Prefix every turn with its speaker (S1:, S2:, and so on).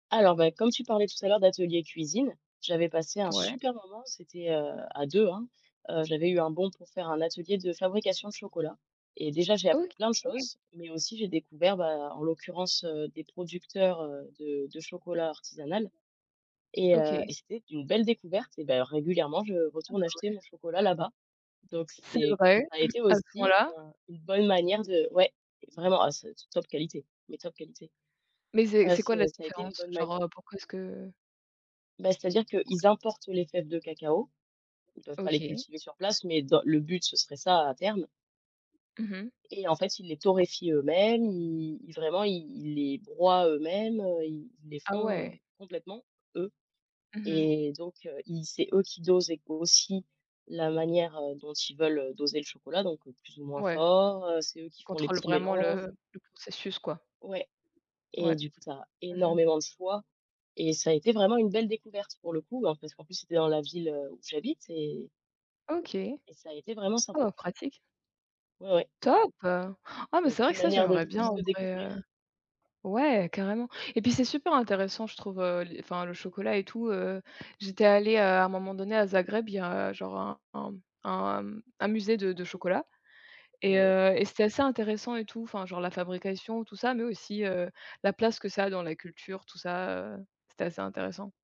S1: Alors, bah, comme tu parlais tout à l'heure d'atelier cuisine, j'avais passé un
S2: Ouais.
S1: super moment, c'était, heu, à 2 hein. Heu, j'avais eu un bon pour faire un atelier de fabrication de chocolat et déjà, j'ai appris
S2: OK.
S1: plein de choses, mais aussi j'ai découvert ben, en l'occurrence, heu, des producteurs, heu, de de chocolat artisanal et heu
S2: OK.
S1: et c'était une belle découverte et d'ailleurs régulièrement, je
S2: Ah
S1: retourne
S2: bah
S1: acheter
S2: ouais.
S1: mon chocolat là-bas, donc
S2: C'est
S1: c'est
S2: vrai,
S1: ça a été
S2: à ce
S1: aussi
S2: point-là?
S1: enfin une bonne manière de ouais, vraiment, ah c'est c top qualité, mais top qualité.
S2: Mais c'est
S1: Heu,
S2: c'est quoi la
S1: c'est ça a été une
S2: différence?
S1: bonne manière
S2: Genre, heu, pourquoi est-ce que
S1: Bah, c'est-à-dire qu'ils importent les fèves de cacao. Ils peuvent pas les
S2: OK.
S1: cultiver sur place, mais dans le but, ce serait ça à terme
S2: Mmh mh.
S1: et en fait, ils les torréfient eux-mêmes. I ils vraiment, ils ils les broient eux-mêmes, heu, ils les
S2: Ah ouais.
S1: font complètement, eux
S2: Mmh mh.
S1: et donc heu, ils c'est eux qui dosent ég aussi la manière, heu, dont ils veulent, heu, doser le chocolat, donc heu, plus ou moins
S2: Ouais.
S1: fort, heu, c'est eux qui font les
S2: Contrôle
S1: petits
S2: vraiment
S1: mélanges
S2: le le processus quoi.
S1: Ouais, et
S2: Ouais,
S1: du coup, tu as
S2: mmh mh.
S1: énormément de choix et ça a été vraiment une belle découverte pour le coup, ben parce qu'en plus, c'était dans la ville où j'habite et
S2: OK.
S1: et ça a été vraiment sympa.
S2: Oh pratique.
S1: Ouais ouais.
S2: Top, heu, ah mais
S1: Donc,
S2: c'est vrai
S1: une
S2: que ça
S1: manière de
S2: j'aimerais bien
S1: plus
S2: en
S1: de
S2: vrai, heu
S1: découvrir.
S2: ouais, carrément, et puis c'est super intéressant je trouve, heu, les enfin le chocolat et tout, heu, j'étais allée, heu, à un moment donné à Zagreb, il y a genre un un mmh un, hem, un musée de de chocolat
S1: Oh
S2: et
S1: ouais.
S2: heu et c'était assez intéressant et tout enfin genre la fabrication et tout ça, mais aussi, heu, la place que ça a dans la culture, tout ça, heu, c'était assez intéressant.